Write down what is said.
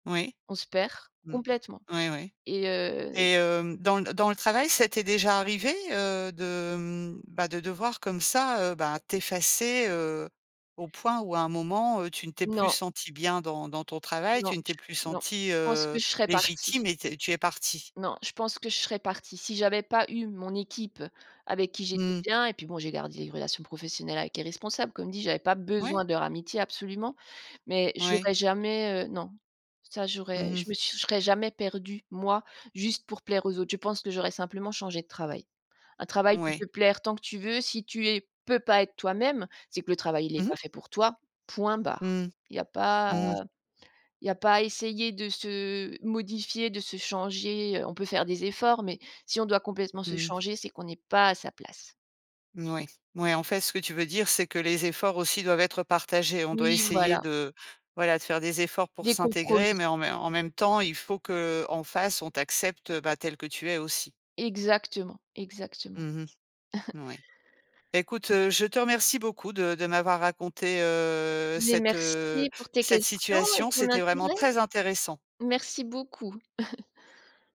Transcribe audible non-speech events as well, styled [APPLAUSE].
Oui, On se perd. mmh, Complètement. oui oui. Et heu Et hem, dans le dans le travail, ça t'est déjà arrivé, heu, de, hem, bah, de devoir comme ça, heu, ben, t'effacer, heu, au point où à un moment, heu, tu ne t'es plus Non. sentie bien dans dans ton travail, Non, tu ne t'es plus non, sentie, je pense que heu, je serais partie. légitime et tu es tu es partie? Non, je pense que je serais partie. Si j'avais pas eu mon équipe avec qui j'étais Mmh. bien, et puis bon j'ai gardé une relation professionnelle avec les responsables comme dit, j'avais pas Ouais. besoin de leur amitié absolument, mais Ouais. j'aurais jamais, heu, non. Ça j'aurais Mmh je mh. me suis je serais jamais perdue, moi, juste pour plaire aux autres. Je pense que j'aurais simplement changé de travail. Un travail peut Ouais. te plaire tant que tu veux, si tu es peux pas être toi-même, c'est que le travail il est Mmh mh. pas fait pour toi, point barre. Mmh. Il y a pas Mmh mh. il y a pas à essayer de se modifier, de se changer, heu, on peut faire des efforts, mais si on doit complètement se Mmh. changer, c'est qu'on est pas à sa place. Mouais. Mouais, en fait, ce que tu veux dire, c'est que les efforts aussi doivent être partagés. On doit Oui, essayer voilà. de voilà, de faire des efforts pour Des s'intégrer, compromis. mais en mais en même temps, il faut qu'en face, on t'accepte, heu, bah, tel que tu es aussi. Exactement, exactement. Mmh mh. [CHUCKLES] Mouais. Écoute, heu, je te remercie beaucoup de de m'avoir raconté, heu, Mais cette, heu, merci pour tes cette questions et situation. ton C'était vraiment intérêt! très intéressant. Merci beaucoup. [CHUCKLES]